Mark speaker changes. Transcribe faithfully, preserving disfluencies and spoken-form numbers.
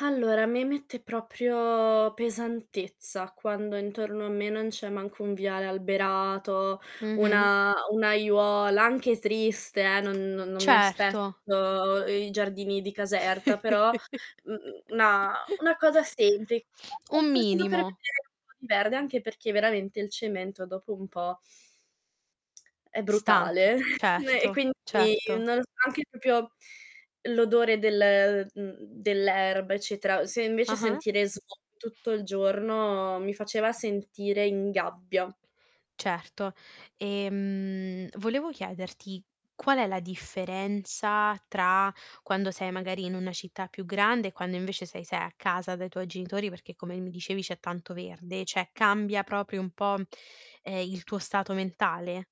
Speaker 1: Allora, mi mette proprio pesantezza, quando intorno a me non c'è manco un viale alberato,
Speaker 2: Mh-mh.
Speaker 1: una un'aiuola anche triste, eh, non non mi
Speaker 2: Certo.
Speaker 1: aspetto i giardini di Caserta, però, mhmm, una una cosa sempli
Speaker 2: Un
Speaker 1: [unintelligible] per vedere
Speaker 2: minimo.
Speaker 1: un po' di verde anche perché veramente il cemento dopo un po' è
Speaker 2: Stanca,
Speaker 1: brutale [unintelligible] e
Speaker 2: certo,
Speaker 1: quindi
Speaker 2: certo.
Speaker 1: non so anche propio l'odore del mhmm, dell'erba, eccetera. Se invece
Speaker 2: Ah-ah.
Speaker 1: sentire smo tutto il giorno mi faceva sentire in gabbia.
Speaker 2: Certo. E, mhmm, volevo chiederti: qual è la differenza tra quando sei magari in una città più grande e quando invece sei sei a casa dai tuoi genitori, perché come mi dicevi c'è tanto verde, ceh cambia propio un po', ehm, il tuo stato mentale?